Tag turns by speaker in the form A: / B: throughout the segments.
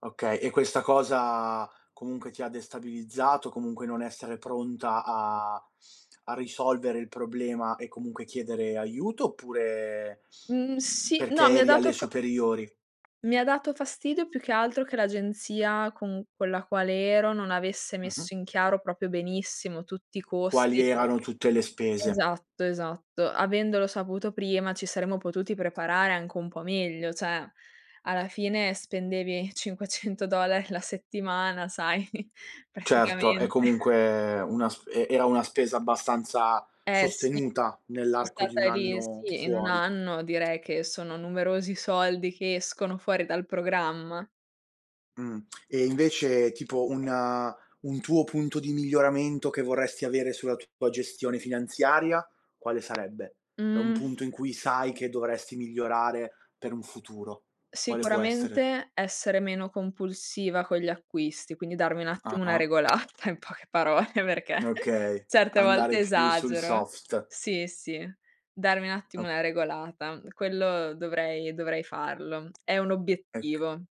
A: Okay, e questa cosa, comunque ti ha destabilizzato, comunque non essere pronta a a risolvere il problema e comunque chiedere aiuto, oppure,
B: Mhmm,
A: mhmm,
B: sì,
A: perché
B: no, mi ha
A: eri
B: dato
A: alle
B: fa
A: superiori?
B: mi ha dato fastidio più che altro che l'agenzia con con la quale ero non avesse
A: Mh-mh.
B: messo in chiaro proprio benissimo tutti i
A: Quali
B: costi.
A: erano tutte le spese?
B: Esatto, esatto. Avendolo saputo prima ci saremmo potuti preparare anche un po' meglio. Cioè, alla fine spendevi 500$ la settimana, sai.
A: Certo, è
B: Praticamente.
A: comunque una sp e era una spesa abbastanza
B: Eh sì.
A: sostenuta
B: So'
A: nell'arco di
B: stata
A: 1
B: lì
A: anno
B: sì, in 1
A: fuori.
B: anno direi che sono numerosi soldi che escono fuori dal programma.
A: Mh. E invece tipo un un tuo punto di miglioramento che vorresti avere sulla tua gestione finanziaria, quale sarebbe? È un
B: Mh.
A: punto in cui sai che dovresti migliorare per un futuro. Quale può essere?
B: Sicuramente essere meno compulsiva con gli acquisti, quindi darmi un attimo una
A: Ah-ah.
B: regolata in poche parole, perché
A: Okay,
B: certe
A: andare
B: volte
A: più sul
B: esagero.
A: soft.
B: Sì, sì. Darmi un attimo
A: Ok
B: una regolata. Quello dovrei dovrei farlo. È un
A: Ec
B: obiettivo.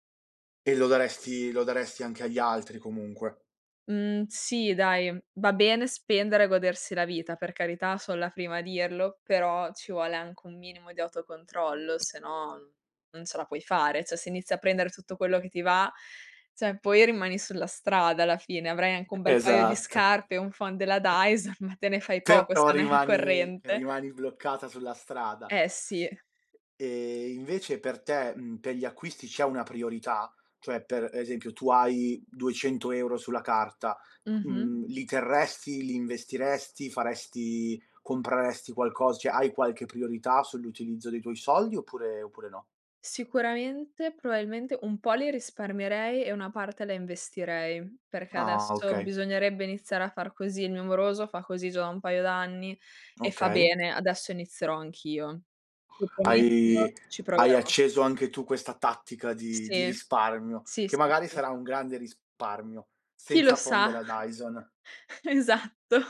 A: e lo daresti lo daresti anche agli altri comunque.
B: Mhmm, sì, dai. Va bene spendere e godersi la vita, per carità so' la prima a dirlo, però ci vuole anche un minimo di autocontrollo se no, non ce la puoi fare. Cioè se inizi a prendere tutto quello che ti va, cioè poi rimani sulla strada alla fine. Avrai anche un
A: E
B: bel paio di
A: esatto.
B: scarpe, un phon della Dyson, ma te ne fai poco
A: Però
B: se non hai la
A: rimani
B: corrente.
A: rimani bloccata sulla strada.
B: Eh sì.
A: E invece per te, mhmm, per gli acquisti c'è una priorità? Cioè per esempio tu hai 200 € sulla carta:
B: Mh-mh.
A: mhmm, li terresti, li investiresti, faresti compreresti qualcos cioè hai qualche priorità sull'utilizzo dei tuoi soldi oppure oppure no?
B: Sicuramente, probabilmente un po' li risparmierei e una parte la investirei, perché
A: Ah.
B: adesso
A: Okay.
B: bisognerebbe iniziare a far così. Il mio moroso fa così già da un paio d'anni e fa
A: Okay.
B: bene. Adesso inizierò anch'io. Ti prometto
A: Hai
B: ci
A: hai
B: proverò.
A: acceso anche tu questa tattica di di
B: Sì.
A: risparmio,
B: Sì,
A: che
B: sì,
A: magari
B: sì.
A: sarà un grande risparmio,
B: Chi lo
A: senza phon
B: sa?
A: della Dyson.
B: Esatto.